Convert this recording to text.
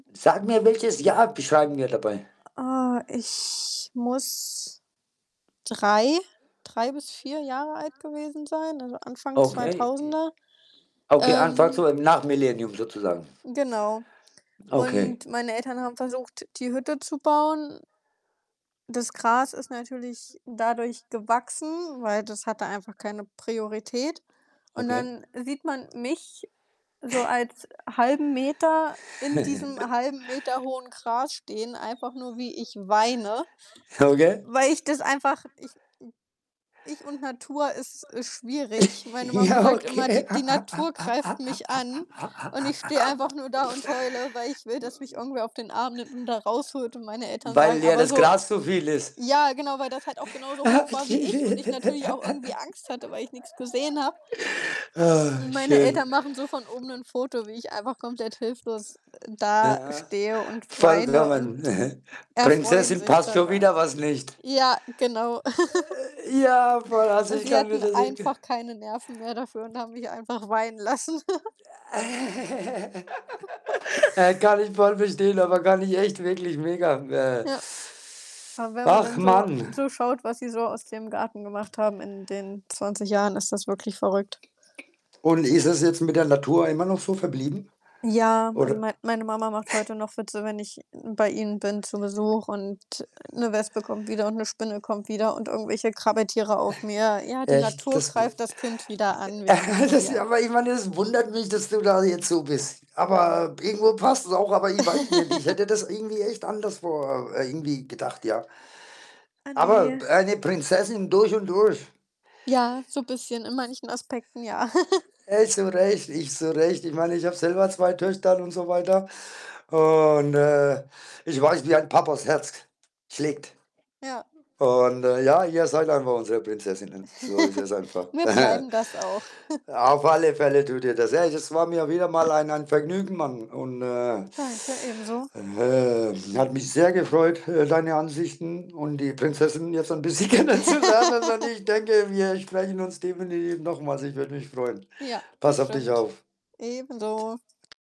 Sag mir, welches Jahr beschreiben wir dabei? Äh, ich muss 3, 3 bis 4 Jahre alt gewesen sein, also Anfang Okay, kay 2000er, Okay, anfangs so ähm im nach Millennium sozusagen. Genau. Okay. Und meine Eltern haben versucht, die Hütte zu bauen. Das Gras ist natürlich dadurch gewachsen, weil das hatte einfach keine Priorität und Okay. dann sieht man mich so als halben Meter in diesem 1/2m hohen Gras stehen, einfach nur, wie ich weine, Ja, okay. weil ich das einfach Ich, hm ich und Natur ist, äh, schwierig. Meine Mama Ja, sagt immer, okay. die die Natur greift mich an, und ich stehe einfach nur da und heule, weil ich will, dass mich irgendwer auf den Arm nimmt und da rausholt und meine [unintelligible] Eltern sagen, Weil ja aber das so Gras so viel ist. ja, genau, weil das halt auch genauso hoch war wie ich und ich natürlich auch irgendwie Angst hatte, weil ich nix gesehen habe. Oh Und meine Eltern schön. machen so von oben nur 'n Foto, wie ich einfach komplett hilflos, äh, Aha. dastehe und weine und vollkommen, mhm. erfreuen Prinzessin sich passt schon daran. wieder was nicht. Ja, genau. Äh, ja, voll, also Und ich sie kann mir hatten das echt ge einfach keine Nerven mehr dafür und haben mich einfach weinen lassen. Äh, äh, kann ich voll verstehen, aber kann ich echt wirklich mega, äh Ja. Aber wenn man Ach, dann so Mann. so schaut, was sie so aus dem Garten gemacht haben in den 20 Jahren, ist das wirklich verrückt. Und ist das jetzt mit der Natur immer noch so verblieben, Ja, also oder mein meine Mama macht heute noch Witze, wenn ich bei ihnen bin zu Besuch und, äh, 'ne Wespe kommt wieder und 'ne Spinne kommt wieder und irgendwelche Krabbeltiere auf mir. „Ja, die Echt, Natur das wu greift das Kind wieder an. Wir Äh, kennen's das ja.“ aber ich meine, das wundert mich, dass du da jetzt so bist. Aber irgendwo passt es auch, aber ich weiß nicht. Ich hätte das irgendwie echt anderswo, äh, irgendwie gedacht, ja. Ah, Aber ne. eine Prinzessin durch und durch. Ja, so bisschen in manchen Aspekten, ja. Ey, zu recht ich zu recht. Ich meine, ich habe selber 2 Töchter und so weiter und, äh, ich weiß, wie ein Papas Herz schlägt Ja. und, äh, ja, ihr seid einfach unsere Prinzessinnen. So ist es einfach. Und wir bleiben das auch. Auf alle Fälle tut ihr das. Hey, das war mir wieder mal ein ein Vergnügen, Mann und, äh Danke, ebenso. ähm, hat mich sehr gefreut, äh, deine Ansichten und die Prinzessin jetzt ein Ja. bisschen kennenzulernen, und ich denke, wir sprechen uns definitiv nochmals. Ich würde mich freuen. Ja, Pass auf dich bestimmt. auf. Ebenso. Tschau.